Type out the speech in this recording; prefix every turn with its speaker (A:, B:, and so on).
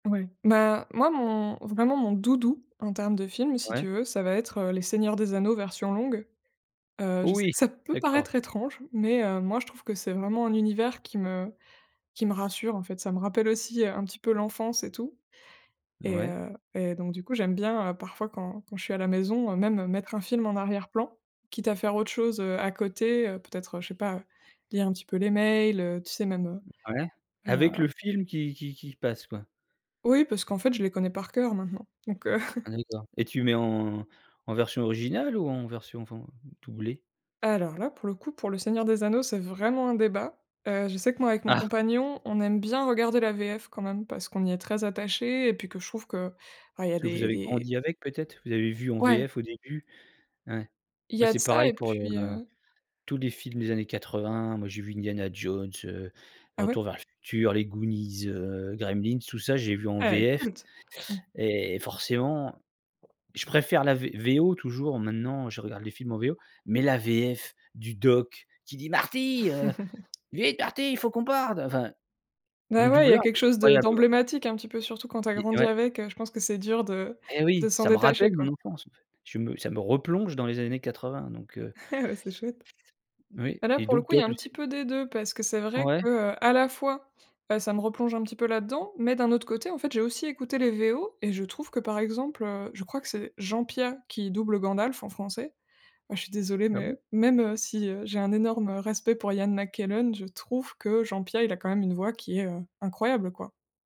A: Ouais, bah, moi, mon vraiment, mon doudou, en termes de film, si
B: Ouais.
A: tu veux, ça va être, heu, les Seigneurs des anneaux, version longue. Heu,
B: Oh
A: je sais
B: oui,
A: que ça peut
B: d'accord.
A: paraître étrange mais heu, moi, je trouve que c'est vraiment un univers qui me qui me rassure, en fait. Ça me rappelle aussi, heu, un petit peu l'enfance et tout et
B: Ouais.
A: heu, et donc du coup, j'aime bien, heu, parfois quand quand je suis à la maison, heu, même, mettre un film en arrière-plan, quitte à faire autre chose, heu, à côté, heu, peut-être, heu, je sais pas lire un petit peu les mails, heu, tu sais même, heu,
B: Ouais,
A: et heu
B: avec le film qui qui qui passe, quoi.
A: Oui parce qu'en fait, je les connais par cœur, maintenant, donc heu
B: Ah d'accord et tu mets en en version originale ou en version, enfin, doublée?
A: Alors là, pour le coup, pour le Seigneur des anneaux, c'est vraiment un débat. Heu, je sais que moi avec mon
B: Ah!
A: compagnon, on aime bien regarder la VF quand même parce qu'on y est très attachés et puis que je trouve que, bah, il y a
B: Parce que vous
A: des
B: avez
A: des
B: grandi avec peut-être? Vous avez vu en
A: Ouais.
B: VF au début? Ouais.
A: Il
B: Moi
A: y a
B: c'est
A: de ça
B: pareil
A: et
B: pour le,
A: puis,
B: heu,
A: heu
B: tous les films des années 80. Moi, j'ai vu Indiana Jones, heu,
A: Ah ouais?
B: Retour vers le futur, les Goonies, heu, Gremlins, tout ça j'ai vu en
A: Ah ouais,
B: VF
A: culte. Mmh.
B: et et forcément, je préfère la V VO. Toujours, maintenant, je regarde les films en VO mais la VF du Doc qui dit: «Marty, heu, vite, Marty, il faut qu'on parde!» Enfin,
A: Beh,
B: le
A: ouais il y a
B: doubleur,
A: quelque
B: il est
A: chose de
B: incroyable, la.
A: d'emblématique un petit peu, surtout quand tu as
B: Et
A: grandi
B: ouais.
A: avec, heu, je pense que c'est dur de
B: Eh
A: de
B: oui,
A: s'en
B: ça me rappelle
A: détacher,
B: mon
A: quoi.
B: enfance, en fait. Je me ça me replonge dans les années 80 donc heu
A: Ouais, c'est chouette.
B: Oui
A: Bah, là,
B: et
A: pour le
B: donc
A: coup, il
B: toi,
A: y a un
B: tout
A: petit
B: ces
A: peu des 2 parce que c'est vrai
B: Ouais.
A: que, heu, à la fois, heu, ça me replonge un petit peu là-dedans mais d'un autre côté, en fait, j'ai aussi écouté les VO et je trouve que, par exemple, heu, je crois que c'est Jean Piat qui double Gandalf en français. Ah je suis désolée
B: Ah
A: mais
B: bon?
A: heu, même, heu, si, heu, j'ai un énorme, heu, respect pour Ian McKellen, je trouve que Jean Piat, il a quand même, une voix qui est, heu, incroyable, quoi.